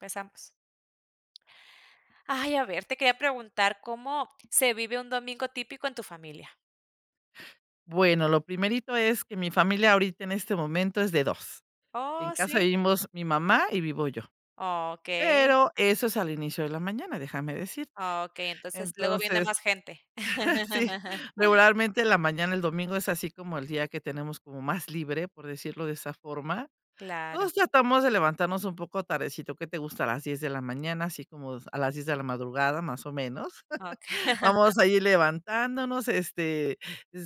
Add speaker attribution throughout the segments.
Speaker 1: Empezamos. Ay, a ver, te quería preguntar, ¿cómo se vive un domingo típico en tu familia?
Speaker 2: Bueno, lo primerito es que mi familia ahorita en este momento es de 2, en
Speaker 1: Oh,
Speaker 2: casa
Speaker 1: sí.
Speaker 2: vivimos mi mamá y vivo yo.
Speaker 1: Oh, okey.
Speaker 2: Pero, eso es al inicio de la mañana, déjame decirte.
Speaker 1: Okey, entonces, luego viene más
Speaker 2: Entonces,
Speaker 1: gente.
Speaker 2: sí, regularmente en la mañana, el domingo es así como el día que tenemos como más libre, por decirlo de esa forma.
Speaker 1: Claro.
Speaker 2: Todos tratamos de levantarnos un poco tardecito. Que te gusta a las 10 de la mañana, así como, a las 10 de la madrugada, más o menos.
Speaker 1: Okey.
Speaker 2: Vamos a ir levantándonos, este,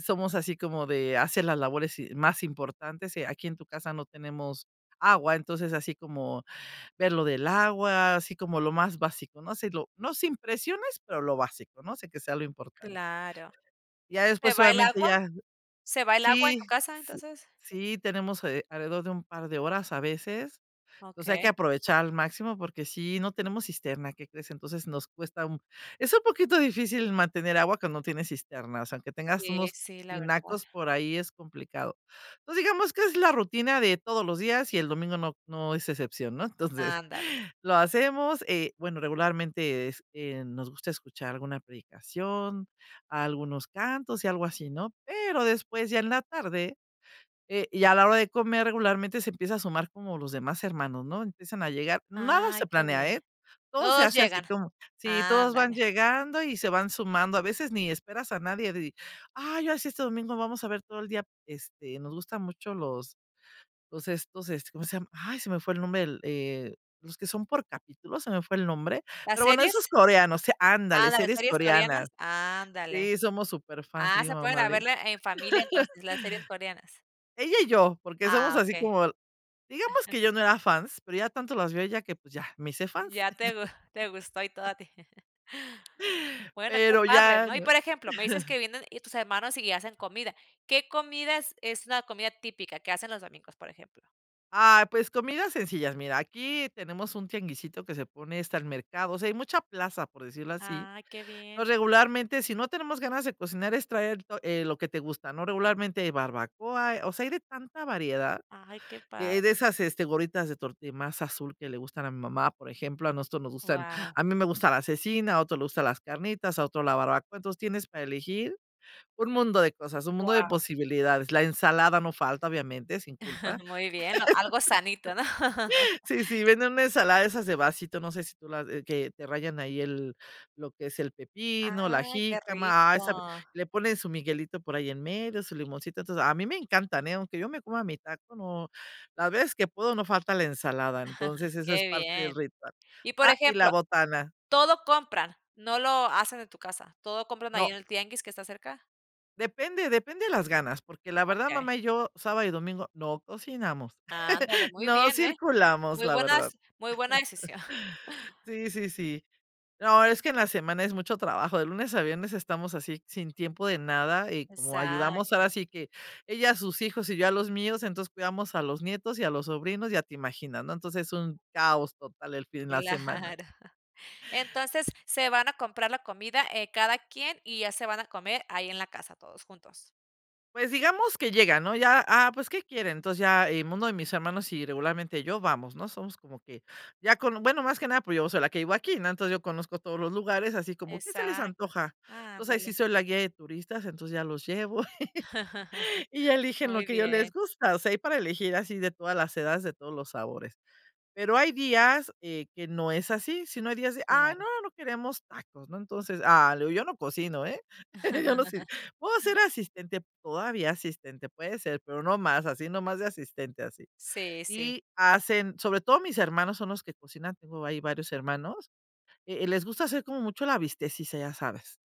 Speaker 2: somos así como de hacer las labores y más importantes. Aquí en tu casa no tenemos agua. Entonces, así como ver lo del agua. Así como lo más básico, no si lo no sin presiones, pero lo básico, ¿no? O sea, que sea lo importante
Speaker 1: Claro,
Speaker 2: ya
Speaker 1: ¿se
Speaker 2: después,
Speaker 1: va el
Speaker 2: obviamente
Speaker 1: agua?
Speaker 2: ya
Speaker 1: ¿Se va el agua en
Speaker 2: Sí.
Speaker 1: tu casa,
Speaker 2: Sí
Speaker 1: entonces?
Speaker 2: sí, tenemos, eh, alrededor de un par de horas, a veces. Entonces, hay que
Speaker 1: Okey.
Speaker 2: aprovechar al máximo, porque sí, no tenemos cisterna, ¿qué crees? Entonces nos cuesta un es un poquito difícil mantener agua cuando no tienes cisternas, aunque tengas
Speaker 1: Sí,
Speaker 2: unos
Speaker 1: sí, la verdad.
Speaker 2: tinacos por ahí es complicado. Entonces, digamos que es la rutina de todos los días, y el domingo no no es excepción, ¿no? Entonces,
Speaker 1: Ándale.
Speaker 2: lo hacemos, eh, bueno, regularmente, es, que nos gusta escuchar alguna predicación, algunos cantos y algo así, ¿no? Pero, después ya en la tarde, eh, y a la hora de comer regularmente se empieza a sumar como los demás hermanos, ¿no? Empiezan a llegar, nada
Speaker 1: Ay,
Speaker 2: se
Speaker 1: qué
Speaker 2: planea,
Speaker 1: bien.
Speaker 2: eh, todo se
Speaker 1: Todos
Speaker 2: hace así
Speaker 1: llegan.
Speaker 2: como sí todos van
Speaker 1: Ándale.
Speaker 2: llegando y se van sumando. A veces, ni esperas a nadie di ay, ya sí, este domingo vamos a ver todo el día, este, nos gusta mucho los los estos este, ¿cómo se llama? Ay, se me fue el nombre, eh, los que son por capítulo, se me fue el nombre.
Speaker 1: ¿Las
Speaker 2: Pero bueno, esos
Speaker 1: series?
Speaker 2: coreanos, se Ándale,
Speaker 1: Ándale,
Speaker 2: series
Speaker 1: series coreanas.
Speaker 2: coreanas.
Speaker 1: Ándale.
Speaker 2: Sí, somos súperfans.
Speaker 1: Ah,
Speaker 2: Mi
Speaker 1: se ponen
Speaker 2: mamá
Speaker 1: a
Speaker 2: le
Speaker 1: verlas en familia entonces, las series coreanas.
Speaker 2: ella y yo, porque, somos
Speaker 1: Ah,
Speaker 2: así
Speaker 1: okey.
Speaker 2: como digamos que
Speaker 1: Ajá.
Speaker 2: yo no era fans, pero, ya tanto las vio ella que, pues ya, me hice fans.
Speaker 1: Ya te te
Speaker 2: Entonce
Speaker 1: gu te gustó y todo a ti. Bueno, qué
Speaker 2: Pero
Speaker 1: padre,
Speaker 2: ya,
Speaker 1: ¿no? Y
Speaker 2: ¿no?
Speaker 1: por ejemplo, me dices que vienen y tus hermanos y hacen comida, ¿qué comida es es la comida típica que hacen los domingos, por ejemplo?
Speaker 2: Ay, pues, comidas sencillas. Mira, aquí tenemos un tianguisito que se pone. Está el mercado, o sea, hay mucha plaza, por decirlo así.
Speaker 1: Ay, qué bien.
Speaker 2: Entonces, regularmente, si no tenemos ganas de cocinar es traer to eh, lo que te gusta, ¿no? Regularmente barbacoa, o sea, hay de tanta variedad,
Speaker 1: Ay, qué
Speaker 2: eh,
Speaker 1: padre.
Speaker 2: de esas, este, gorditas de tortilla masa azul que le gustan a mi mamá, por ejemplo, a nosotros nos gustan
Speaker 1: Guau.
Speaker 2: a mí me gusta la cecina, a otro le gusta las carnitas, a otro la barbacoa. Entonces, tienes para elegir un mundo de cosas, un mundo de
Speaker 1: Guau.
Speaker 2: posibilidades. La ensalada no falta, obviamente, sin culpa.
Speaker 1: Muy bien, algo sanito, ¿no?
Speaker 2: Sí, sí, venden una ensalada de esas de vasito. No sé, si tú las que te rayan ahí el, lo que es el pepino, la
Speaker 1: Ay, qué
Speaker 2: jícama, ah, sabe
Speaker 1: rico.
Speaker 2: le ponen su miguelito por ahí en medio, su limoncito. Entonces, a mí me encantan, eh, aunque yo me coma mi taco, no, las veces que puedo no falta la ensalada, entonces eso es
Speaker 1: Qué
Speaker 2: parte del
Speaker 1: bien.
Speaker 2: ritual,
Speaker 1: Y por
Speaker 2: ah, y la
Speaker 1: ejemplo,
Speaker 2: botana.
Speaker 1: ¿todo compran? ¿No lo hacen en tu casa? ¿Todo compran ahí
Speaker 2: No.
Speaker 1: en el tianguis que está cerca?
Speaker 2: Depende depende de las ganas, porque, la verdad,
Speaker 1: Okey.
Speaker 2: mamá y yo sábado y domingo no cocinamos.
Speaker 1: Ándale, muy
Speaker 2: No
Speaker 1: bien, eh,
Speaker 2: circulamos,
Speaker 1: muy
Speaker 2: la
Speaker 1: buenas
Speaker 2: verdad.
Speaker 1: muy buena decisión.
Speaker 2: Sí, sí, sí. No, es que en la semana es mucho trabajo. De lunes a viernes estamos así sin tiempo de nada, y como ayudamos
Speaker 1: Exacto.
Speaker 2: ahora sí que ella a sus hijos, y yo a los míos, entonces, cuidamos a los nietos y a los sobrinos. Ya te imaginas, ¿no? Entonces es un caos total el fin la semana.
Speaker 1: Claro. Entonces, se van a comprar la comida, eh, cada quien, y ya se van a comer ahí en la casa todos juntos.
Speaker 2: Pues, digamos que llegan, ¿no?, ya, ah, pues, ¿qué quieren? Entonces ya, eh, uno de mis hermanos y regularmente yo vamos, ¿no? Somos como que ya con bueno más que nada porque yo soy la que vivo aquí, ¿no? Entonces yo conozco todos los lugares así como: "¿Qué se les
Speaker 1: Exacto.
Speaker 2: antoja?". Entonces ahí sí
Speaker 1: Ándale.
Speaker 2: soy la guía de turistas. Entonces ya los llevo y eligen lo
Speaker 1: Muy
Speaker 2: que ya les
Speaker 1: bien.
Speaker 2: gusta, o sea, hay para elegir así de todas las edades de todos los sabores. Pero hay días, eh, que no es así, sino hay días de: "Ah,
Speaker 1: Claro.
Speaker 2: no, no queremos tacos", ¿no? Entonces, ah, le digo: "Yo no cocino, ¿eh?", yo no sé, puedo ser asistente, todavía asistente, puede ser, pero no más, así no más de asistente así.
Speaker 1: Sí, sí.
Speaker 2: Y hacen sobre todo mis hermanos son los que cocinan, tengo ahí varios hermanos, e eh, les gusta hacer como mucho la bistequeada, ya sabes,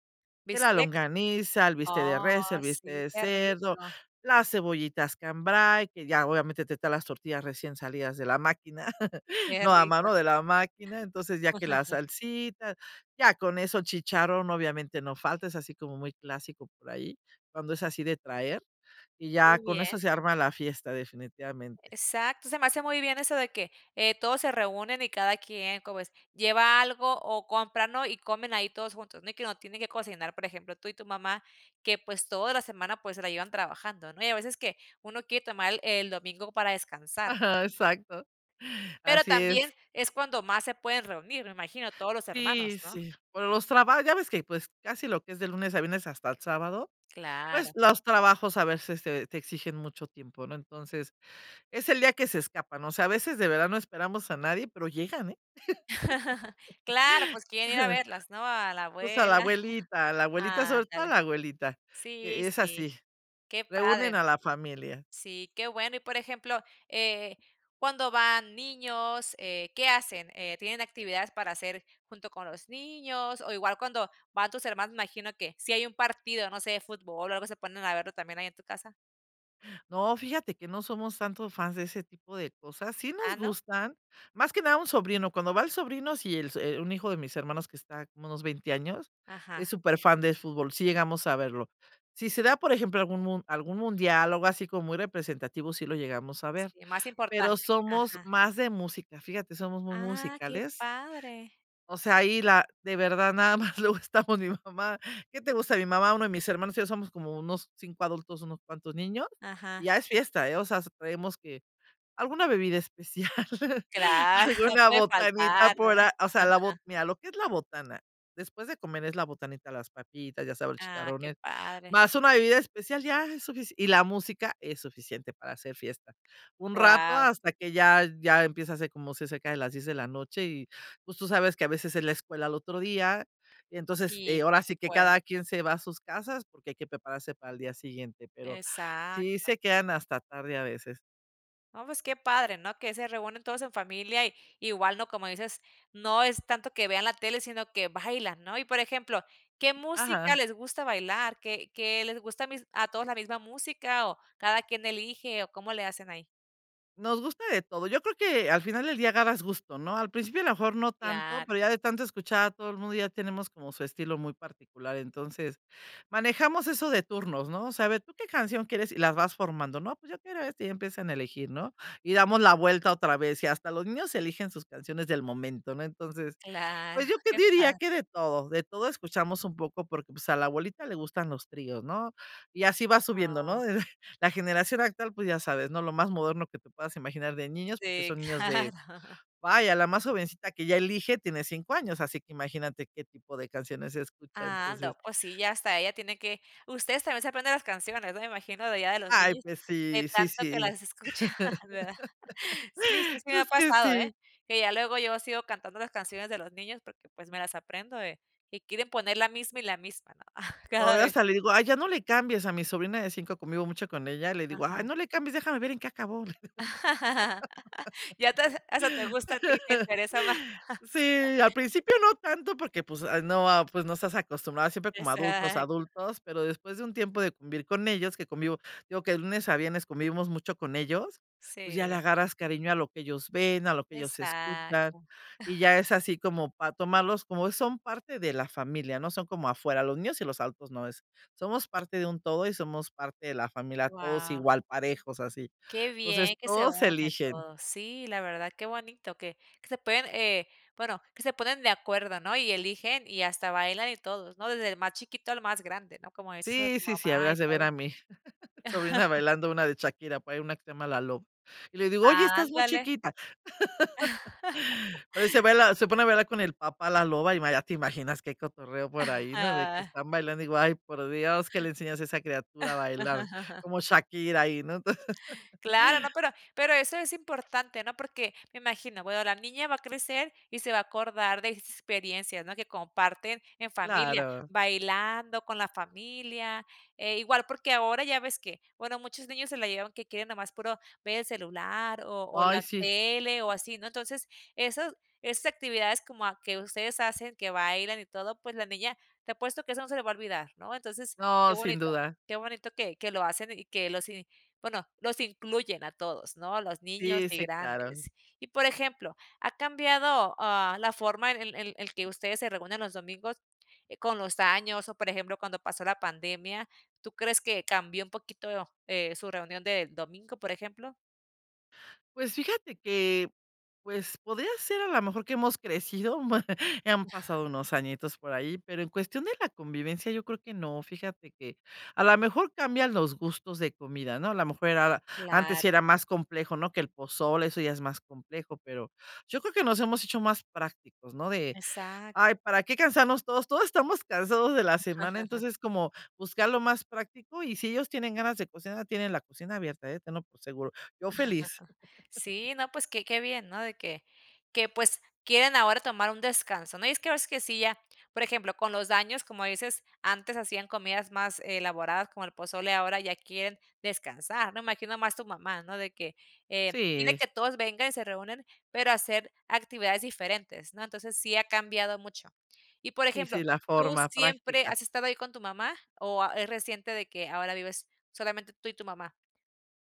Speaker 2: que la
Speaker 1: ¿Bistec?
Speaker 2: longaniza, el bistec de
Speaker 1: Oh,
Speaker 2: res, el bistec
Speaker 1: sí,
Speaker 2: de
Speaker 1: qué
Speaker 2: cerdo,
Speaker 1: rico.
Speaker 2: las cebollitas cambray, que ya obviamente te traen las tortillas recién salidas de la máquina,
Speaker 1: Qué
Speaker 2: no a
Speaker 1: rico.
Speaker 2: mano de la máquina, entonces ya que la salsita, ya con eso, chicharrón, obviamente, no falta, es así como muy clásico por ahí, cuando es así de traer, y
Speaker 1: Qué
Speaker 2: ya con
Speaker 1: bien.
Speaker 2: eso se arma la fiesta, definitivamente.
Speaker 1: Exacto, se me hace muy bien eso de que, eh, todos se reúnen y cada quien como es lleva algo, o compra, ¿no?, y comen ahí todos juntos, ¿no? Y que no tiene que cocinar, por ejemplo, tú y tu mamá que, pues, toda la semana, pues, se la llevan trabajando, ¿no? Y a veces que uno quiere tomar el el domingo para descansar, ¿no?
Speaker 2: Ajá, exacto.
Speaker 1: Pero,
Speaker 2: Así es.
Speaker 1: también es cuando más se pueden reunir me imagino todos los
Speaker 2: Sí,
Speaker 1: hermanos, ¿no?
Speaker 2: sí. Por los traba ya ves que pues casi lo que es de lunes a viernes hasta el sábado, pues,
Speaker 1: Claro.
Speaker 2: los trabajos a veces te te exigen mucho tiempo, ¿no? Entonces es el día que se escapa, ¿no? O sea a veces de verdad no esperamos a nadie pero llegan, ¿eh?
Speaker 1: Claro, pues, quieren ir a verlas, ¿no?, a la
Speaker 2: Pues, a la
Speaker 1: abuela
Speaker 2: abuelita, a la abuelita, sobre todo a la
Speaker 1: ándale.
Speaker 2: abuelita.
Speaker 1: Sí,
Speaker 2: Que es
Speaker 1: sí.
Speaker 2: así.
Speaker 1: Qué
Speaker 2: Reúnen
Speaker 1: padre
Speaker 2: a
Speaker 1: ,¿no?
Speaker 2: la familia.
Speaker 1: Sí, qué bueno, y por ejemplo, eh, cuando van niños, eh, ¿qué hacen? Eh, ¿tienen actividades para hacer junto con los niños?, o igual cuando van tus hermanos me imagino que si hay un partido, no sé, fútbol, o algo, ¿se ponen a verlo también ahí en tu casa?
Speaker 2: No, fíjate que no somos tanto fans de ese tipo de cosas, sí
Speaker 1: ¿Ah
Speaker 2: nos
Speaker 1: no?
Speaker 2: gustan, más que nada a un sobrino, cuando va el sobrino, si el so, eh, un hijo de mis hermanos que está como unos 20 años, es
Speaker 1: Ajá.
Speaker 2: súper fan de fútbol, sí llegamos a verlo. Si se da, por ejemplo, algún mun algún mundial, o algo así como muy representativo, sí lo llegamos a ver,
Speaker 1: Sí, más
Speaker 2: pero
Speaker 1: importante,
Speaker 2: somos
Speaker 1: ajá.
Speaker 2: más de música, fíjate, somos muy
Speaker 1: Ah, qué
Speaker 2: musicales.
Speaker 1: padre.
Speaker 2: O sea, ahí la de verdad nada más luego estamos mi mamá, ¿qué te gusta?, mi mamá, uno de mis hermanos, te digo somos como unos 5 adultos, unos cuantos niños,
Speaker 1: Ajá.
Speaker 2: ya es fiesta, ¿eh? O sea, hasta traemos que alguna bebida especial,
Speaker 1: Claro, no
Speaker 2: alguna
Speaker 1: puede
Speaker 2: botanita
Speaker 1: faltar,
Speaker 2: por
Speaker 1: ¿verdad?,
Speaker 2: a o sea, la bo mira lo que es la botana después de comer es la botanita, las papitas, ya sabe, el
Speaker 1: Ah, qué
Speaker 2: chicharrones
Speaker 1: padre.
Speaker 2: más una bebida especial ya es sufici y la música es suficiente para hacer fiesta. Un rato
Speaker 1: Guau.
Speaker 2: hasta que ya ya empieza a ser como ce cerca de las 10 de la noche, y pues tú sabes que a veces es la escuela al otro día, y entonces,
Speaker 1: Sí,
Speaker 2: eh, ahora
Speaker 1: pues se
Speaker 2: sí que
Speaker 1: puede.
Speaker 2: cada quien se va a sus casas porque hay que prepararse para el día siguiente, pero sí
Speaker 1: Exacto.
Speaker 2: se quedan hasta tarde a veces.
Speaker 1: No, pues qué padre, ¿no?, que se reúnen todos en familia y igual, ¿no?, como dices, no es tanto que vean la tele sino que bailan, ¿no? Y por ejemplo, ¿qué música
Speaker 2: Ajá.
Speaker 1: les gusta bailar? ¿Qué qué les gusta a mis a todos la misma música?, o, ¿cada quien elige?, o, ¿cómo le hacen ahí?
Speaker 2: Nos gusta de todo, yo creo que al final del día agarras gusto, ¿no? Al principio a lo mejor no tanto,
Speaker 1: Claro.
Speaker 2: pero ya de tanto escuchar a todo el mundo ya tenemos como su estilo muy particular, entonces, manejamos eso de turnos, ¿no?, o sea, a ver: "¿Tú qué canción quieres?", y las vas formando, ¿no? Pues: "Yo quiero esta" Y ya empiezan a elegir, ¿no?, y damos la vuelta otra vez y hasta los niños eligen sus canciones del momento, ¿no? Entonces,
Speaker 1: Claro,
Speaker 2: pues yo te
Speaker 1: qué
Speaker 2: diría
Speaker 1: padre.
Speaker 2: que de todo, de todo escuchamos un poco, porque pues a la abuelita le gustan los tríos, ¿no?, y así va subiendo,
Speaker 1: Ah.
Speaker 2: ¿no? de, la generación actual, pues, ya sabes, ¿no?, lo más moderno que te puedas imaginar de niños porque
Speaker 1: Sí,
Speaker 2: son niños de,
Speaker 1: claro.
Speaker 2: vaya la más jovencita que ya elige tiene 5 años así que imagínate qué tipo de canciones escucha, entonces
Speaker 1: Ando, pues, sí ya hasta ella tiene que ustedes también se aprenden las canciones, ¿no?, me imagino de allá de los
Speaker 2: Ay,
Speaker 1: niños
Speaker 2: pues
Speaker 1: de
Speaker 2: sí, sí,
Speaker 1: tanto que
Speaker 2: sí.
Speaker 1: las escuchan ¿verdad? Sí, sí, sí me ha
Speaker 2: Es que
Speaker 1: pasado, ¿eh?,
Speaker 2: sí.
Speaker 1: que ya luego yo sigo cantando las canciones de los niños, porque, pues, me las aprendo de y quieren poner la misma y la misma, ¿no?,
Speaker 2: No,
Speaker 1: cada
Speaker 2: ya
Speaker 1: vez.
Speaker 2: hasta le digo: "Ay ya no le cambies", a mi sobrina de 5 convivo mucho con ella, le digo: "Ay
Speaker 1: Ajá.
Speaker 2: no le cambies, déjame ver en qué acabó".
Speaker 1: Ya te has hasta te gusta a tí, te interesa más.
Speaker 2: Sí, al principio no tanto porque pues, ah, no, ah, pues, no estás acostumbrado siempre como adultos,
Speaker 1: Exacto.
Speaker 2: adultos, pero después de un tiempo de convivir con ellos que convivo, te digo que de lunes a viernes convivimos mucho con ellos, pues, ya le
Speaker 1: Sí.
Speaker 2: agarras cariño a lo que ellos ven, a lo que ellos escuchan,
Speaker 1: Exacto.
Speaker 2: y ya es así como para tomarlos como son parte de la familia, ¿no? Son como afuera los niños y los adultos no, es somos parte de un todo y somos parte de la familia, todos
Speaker 1: Guau.
Speaker 2: igual parejos así.
Speaker 1: Qué
Speaker 2: Entonces,
Speaker 1: bien que se
Speaker 2: todos
Speaker 1: unen
Speaker 2: eligen.
Speaker 1: todos, sí la verdad que bonito que que se pueden eh, bueno, que se ponen de acuerdo, ¿no? Y eligen, y hasta bailan, y todos, ¿no?, desde el más chiquito al más grande, ¿no? Como dices a
Speaker 2: Sí,
Speaker 1: tu
Speaker 2: sí, sí,
Speaker 1: mamá y
Speaker 2: habrías de ver
Speaker 1: todo.
Speaker 2: a mi, sobrina bailando una de Shakira, por ahí una que se llama La Loba, y le digo: "Oye, estás muy
Speaker 1: Ándale.
Speaker 2: chiquita". Pero ahí se baila se pone a bailar con el papá La Loba, y ma ya te imaginas que hay cotorreo por ahí, ¿no?, de que
Speaker 1: Ajá.
Speaker 2: están bailando. Digo: "Ay por Dios, ¿qué le enseñas a esa criatura a bailar?", cómo Shakira ahí, ¿no? Entonces
Speaker 1: Claro, ¿no?, pero pero eso es importante, ¿no? Porque me imagino bueno la niña va a crecer y se va a acordar de experiencias, ¿no? Que comparten en familia
Speaker 2: Claro.
Speaker 1: bailando con la familia, e igual porque ahora ya ves que bueno muchos niños se la llevan que quieren nada más puro ver el celular, o o la
Speaker 2: Ay, sí.
Speaker 1: tele, o así, ¿no? Entonces esos esas actividades como a que ustedes hacen, que bailan y todo, pues, la niña te apuesto que eso no se le va a olvidar, ¿no? Entonces qué
Speaker 2: No, sin
Speaker 1: bonito
Speaker 2: duda.
Speaker 1: qué bonito que que lo hacen, y que los y bueno los incluyen a todos, ¿no?, a los niños
Speaker 2: Sí,
Speaker 1: y
Speaker 2: sí, claro.
Speaker 1: grandes. Y por ejemplo, ¿ha cambiado, ah, la forma en el el el que ustedes se reúnen los domingos, eh, con los años? O, por ejemplo cuando pasó la pandemia, ¿tú crees que cambió un poquito, eh, su reunión del domingo por ejemplo?
Speaker 2: Pues fíjate que, pues, podría ser a la mejor que hemos crecido, han pasado unos añitos por ahí, pero en cuestión de la convivencia yo creo que no, fíjate que a la mejor cambian los gustos de comida, ¿no? A la mejor era antes sí
Speaker 1: Claro.
Speaker 2: era más complejo, ¿no?, que el pozole, eso ya es más complejo, pero yo creo que nos hemos hecho más prácticos, ¿no?, de:
Speaker 1: Exacto.
Speaker 2: "Ay, ¿para qué cansarnos todos?" Todos estamos cansados de la semana, entonces, como buscar lo más práctico, y si ellos tienen ganas de cocinar, tienen la cocina abierta, eh, tenlo por seguro. Yo feliz.
Speaker 1: Sí, no pues que qué bien, ¿no?, de que que pues quieren ahora tomar un descanso, ¿no?, y es que hay veces que sí, ya por ejemplo, con los daños, como dices, antes hacían comidas más elaboradas como el pozole, ahora ya quieren descansar, ¿no? Imagino más tu mamá, ¿no?, de que: "Eh dile
Speaker 2: Sí.
Speaker 1: que todos vengan". Y se reúnen, pero a hacer actividades diferentes, ¿no? Entonces, sí ha cambiado mucho. Y, por
Speaker 2: Sí, sí,
Speaker 1: ejemplo,
Speaker 2: la
Speaker 1: ¿Tú
Speaker 2: forma
Speaker 1: siempre
Speaker 2: práctica.
Speaker 1: has estado ahí con tu mamá o a es reciente de que ahora vives solamente tú y tu mamá?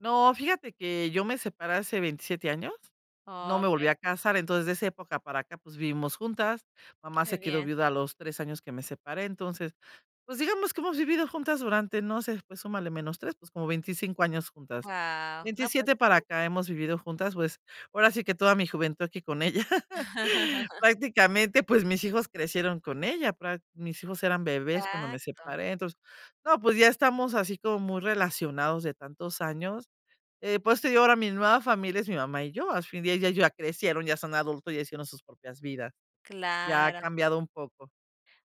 Speaker 2: No, fíjate que yo me separé hace 27 años, no me volví
Speaker 1: Okey.
Speaker 2: a casar, entonces de esa época para acá, pues, vivimos juntas. Mamá
Speaker 1: Qué
Speaker 2: se quedó
Speaker 1: bien.
Speaker 2: viuda a los 3 años que me separé, entonces, pues, digamos que hemos vivido juntas durante, no sé, pues súmale menos 3, pues, como 25 años juntas,
Speaker 1: Guau, no pues
Speaker 2: 27 para
Speaker 1: sí.
Speaker 2: acá hemos vivido juntas, pues ahora sí que toda mi juventud aquí con ella. Prácticamente, pues mis hijos crecieron con ella, prac mis hijos eran bebés cuando me
Speaker 1: Exacto.
Speaker 2: separé, entonces. No, pues ya estamos así como muy relacionados de tantos años. Eh, por eso te digo ahora mi nueva familia es mi mamá y yo. Asfin día ya ellos ya crecieron, ya son adultos ya hicieron sus propias vidas. Ya ha
Speaker 1: Claro.
Speaker 2: cambiado un poco.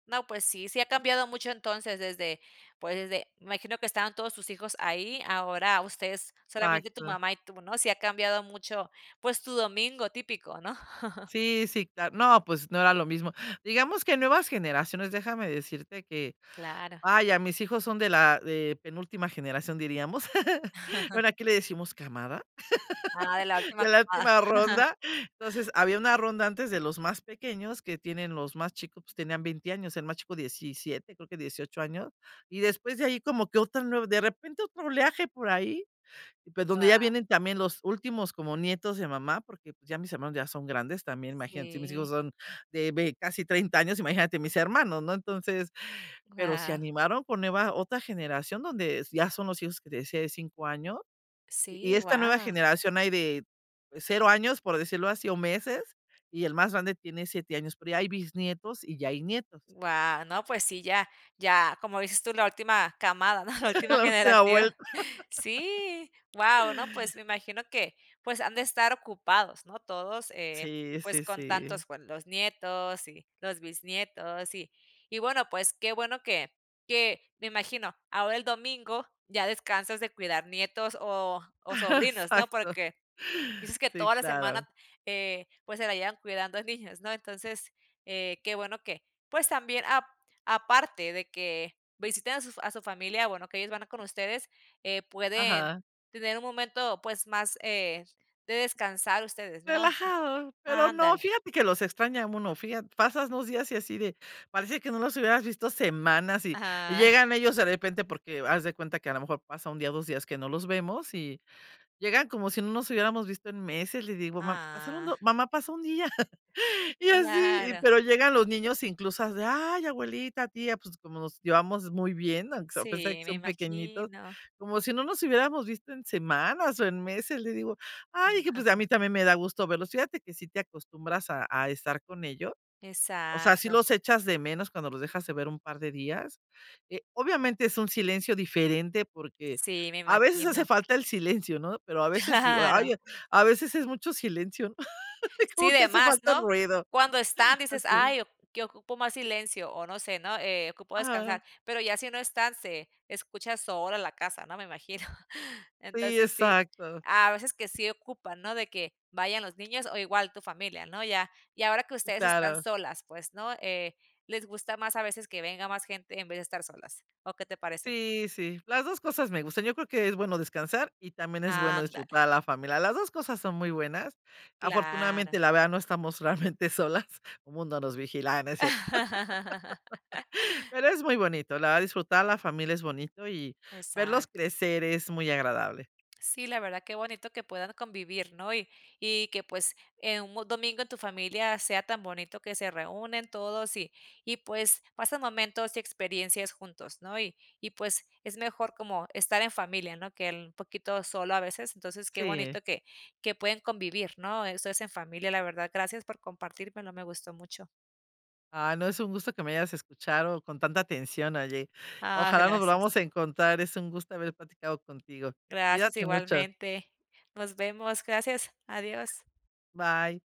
Speaker 1: No pues sí, sí ha cambiado mucho entonces desde, pues, desde me imagino, que estaban todos sus hijos ahí, ahora ustedes solamente tu
Speaker 2: Exacto.
Speaker 1: mamá y tú, ¿no? Sí ha cambiado mucho, pues, tu domingo típico, ¿no?
Speaker 2: Sí, sí, cla no, pues no era lo mismo. Digamos que nuevas generaciones, déjame decirte que,
Speaker 1: Claro.
Speaker 2: ah, ya mis hijos son de la de penúltima generación, diríamos. Bueno, aquí le decimos camada,
Speaker 1: Ah, de la última
Speaker 2: de la
Speaker 1: camada.
Speaker 2: última ronda. Entonces había una ronda antes de los más pequeños que tienen los más chicos, pues tenían 20 años, el más chico 17, creo que 18 años. Y después de ahí como que otra nuev de repente otro oleaje por ahí, pues donde ya
Speaker 1: Guau.
Speaker 2: vienen también los últimos como nietos de mamá, porque pues ya mis hermanos ya son grandes también, imagínate, si mis
Speaker 1: Sí.
Speaker 2: hijos son de vei casi 30 años, imagínate mis hermanos, ¿no? Entonces, pero se
Speaker 1: Guau.
Speaker 2: animaron con nueva otra generación donde s ya son los hijos que te decía de 5 año. Y y
Speaker 1: Sí,
Speaker 2: esta nueva
Speaker 1: guau.
Speaker 2: generación hay de 0 años, por decirlo así, o meses y el más grande tiene 7 años, pero ya hay bisnietos y ya hay nietos.
Speaker 1: Guau, no pues sí ya ya como dices tú la última camada, ¿no?, la última
Speaker 2: La última
Speaker 1: generación.
Speaker 2: vuelta.
Speaker 1: Sí, guau, ¿no?, pues me imagino que, pues, han de estar ocupados, ¿no?, todos, eh,
Speaker 2: Sí,
Speaker 1: pues
Speaker 2: sí,
Speaker 1: con
Speaker 2: sí.
Speaker 1: tantos buen los nietos y los bisnietos. Y y bueno pues qué bueno que que me imagino ahora el domingo ya descansas de cuidar nietos o o sobrinos, ¿no?,
Speaker 2: Exacto.
Speaker 1: porque dices que
Speaker 2: Sí,
Speaker 1: toda la
Speaker 2: claro.
Speaker 1: semana, eh, pues se la llevan cuidando a niños, ¿no? Entonces, eh, qué bueno que pues también ap aparte de que visiten a sus a su familia, bueno, que ellos van a con ustedes, eh, pueden
Speaker 2: Ajá.
Speaker 1: tener un momento pues más, eh, de descansar ustedes, ¿no?
Speaker 2: Relajado, pero no,
Speaker 1: Ándale.
Speaker 2: fíjate que los extraña uno, fijat pasas 2 días y así de, parece que no los hubieras visto semanas y y
Speaker 1: Ajá.
Speaker 2: llegan ellos de repente porque haz de cuenta que a la mejor pasa 1 día, ó 2 días que no los vemos y llegan como si no nos hubiéramos visto en meses. Le digo: "Ma pasaron
Speaker 1: Ah.
Speaker 2: do mamá, pasó un día", y así. Y
Speaker 1: Claro.
Speaker 2: pero llegan los niños incluso es de: "Ay abuelita, tía". Pues como nos llevamos muy bien, aunque sea a pesar de
Speaker 1: Sí,
Speaker 2: que
Speaker 1: me
Speaker 2: son pequeñitos,
Speaker 1: imagino.
Speaker 2: como si no nos hubiéramos visto en semanas o en meses, le digo: "Ay, dije, pues a mí también me da gusto verlos". Fíjate que sí te acostumbras a a estar con ellos, o sea, si
Speaker 1: Exacto.
Speaker 2: los echas de menos cuando los dejas de ver un par de días. Eh, obviamente es un silencio diferente, porque
Speaker 1: Sí, me
Speaker 2: a veces hace
Speaker 1: imagino.
Speaker 2: falta el silencio, ¿no?, pero a veces digo:
Speaker 1: Claro.
Speaker 2: "Ay, a a veces es mucho silencio,
Speaker 1: Sí,
Speaker 2: como que
Speaker 1: de
Speaker 2: hace
Speaker 1: más,
Speaker 2: falta el
Speaker 1: ¿no?
Speaker 2: ruido."
Speaker 1: Cuando están dices:
Speaker 2: Así es.
Speaker 1: "Ay oc que ocupo más silencio o no sé ¿no?, eh, ocupo
Speaker 2: Ajá.
Speaker 1: descansar". Pero ya si no están se escucha sola la casa, ¿no?, me imagino.
Speaker 2: Sí,
Speaker 1: Entonces sí,
Speaker 2: exacto.
Speaker 1: a veces que sí ocupan, ¿no?, de que vayan los niños o igual tu familia, ¿no? Ya, y ahora que ustedes están
Speaker 2: Claro.
Speaker 1: solas, pues, ¿no?, eh, ¿les gusta más, a veces, que venga más gente en vez de estar solas, o qué te parece?
Speaker 2: Sí, sí, las 2 cosas me gustan, yo creo que es bueno descansar y también es bueno disfrutar
Speaker 1: Ándale.
Speaker 2: a la familia. Las 2 cosas son muy buenas.
Speaker 1: Claro.
Speaker 2: Afortunadamente, la verdad, no estamos realmente solas. Un mundo nos vigila, ay, no es cierto. Pero es muy bonito, la verdad, disfrutar la familia es bonito y verlos
Speaker 1: Exacto.
Speaker 2: crecer es muy agradable.
Speaker 1: Sí, la verdad qué bonito que puedan convivir, ¿no?, y y que pues, eh, un domingo en tu familia sea tan bonito que se reúnen todos y y pues pasen momentos y experiencias juntos, ¿no? Y y pues es mejor como estar en familia, ¿no?, que el poquito solo a veces. Entonces qué
Speaker 2: Sí.
Speaker 1: bonito que que pueden convivir, ¿no? Eso es en familia. La verdad gracias por compartirmelo, me gustó mucho.
Speaker 2: Ah, no, es un gusto que me hayas escuchado con tanta atención, oye.
Speaker 1: Ah,
Speaker 2: Ojalá nos
Speaker 1: gracias.
Speaker 2: volvamos a encontrar, es un gusto haber platicado contigo.
Speaker 1: Gracias,
Speaker 2: Cuídate mucho.
Speaker 1: igualmente. Nos vemos, gracias, adiós.
Speaker 2: Bye.